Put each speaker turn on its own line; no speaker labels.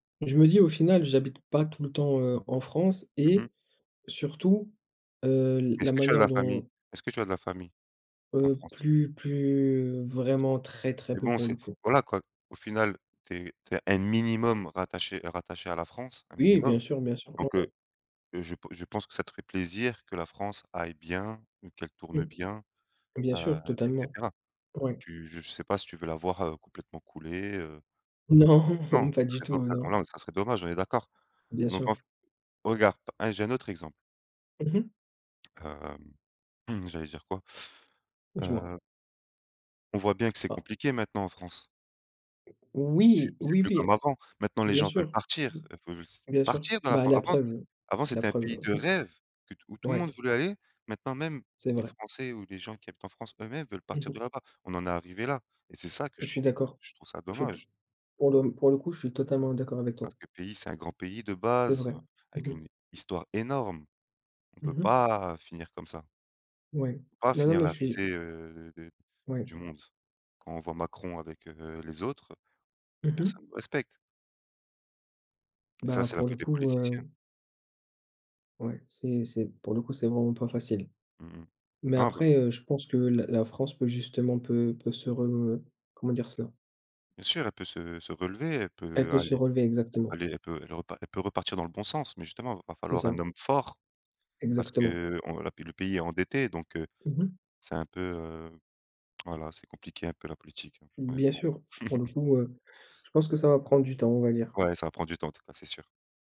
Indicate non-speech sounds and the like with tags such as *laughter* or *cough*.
Je me dis: «Au final, j'habite pas tout le temps, heu, en France»
Mmh mh.
et, surtout, heu, l la
Est-ce que tu as de
manière
la famille?
dont
Est-ce que tu as de la famille? En
Heu,
France?
plus plus
Plus trop?
vraiment très, très
Mais
peu,
bon,
pour
c'est
le coup.
voilà quoi, au final tu es tu es un minimum rattaché rattaché à la France, un
Oui,
minimum.
bien sûr bien sûr, mmh
Donc,
mh.
heu, je p je pense que ça te ferait plaisir que la France aille bien ou qu'elle tourne
Mmh.
bien,
Bien
heu,
sûr.
et
Totalement.
cetera.
Ouais.
Tu je sais pas si tu veux la voir, heu, complètement couler, heu
Non,
Non,
pas
ça
du
serait
tout
do heu, oh
non!
non! Ça serait dommage, on est d'accord?
Bien
Donc, en
sûr.
fa regarde, p hein, j'ai un autre exemple.
Mmh mh.
Hem, mmh, j'allais dire quoi?
Dis-moi.
Heu On voit bien que c'est
Ah.
compliqué maintenant, en France? C'est
Oui,
c'est
oui,
plus
oui!
comme avant. Maintenant les
Bien
gens veulent
sûr.
partir, heu, fau je s
Bien sûr.
partir de la
Bah,
France.
la
La France
preuve, heu,
avant
la
c'était un
preuve,
pays
heu,
de rêve, que t
*chuckles*
où tout le monde
ouais.
voulait aller. Maintenant, même
C'est
les
vrai.
Français ou les gens qui habitent en France, eux-mêmes, veulent
Mmh
partir de
mh.
là-bas. On en est arrivé là, et c'est ça que je
Je suis
trouve
d'accord.
je trouve ça
Je te
dommage!
pour le pour le coup, je suis totalement d'accord avec toi.
Parce que le pays, c'est un grand pays de
C'est
base,
vrai, mmh
avec
mh.
une histoire énorme. On peut
Mmh mh.
pas, heu, finir comme ça
Ouais.
pas
Non, non,
finir
mais
la
je suis
risée, heu, de
Ouais.
du monde. Quand on voit Macron avec, heu, les autres,
Mmh mh.
personne nous respecte. Et ça,
Bah,
c'est la
pour le
faute des
coup,
politiciens.
heu Ouais, c'est c'est pour le coup, c'est vraiment pas facile.
Mmh mh.
Mais,
Non bah
après, heu, je pense que la la France peut justement peut peut se re comment dire ça?
Bien sûr, elle peut se se relever, elle
Elle
peut
peut se
aller
relever, exactement.
aller elle peut elle repa elle peut repartir dans le bon sens. Mais justement, va
C'est
falloir un
ça.
homme fort, parce
Exactement.
qu'on la p le pays est endetté, donc, heu,
Mmh mh.
c'est un peu, heu, voilà, c'est compliqué un peu la politique, hein,
Bien
honnêtement.
sûr, pour le
*chuckles*
coup, heu, je pense que ça va prendre du temps, on va dire.
Ouais, ça va prendre du temps, en tout cas, c'est sûr!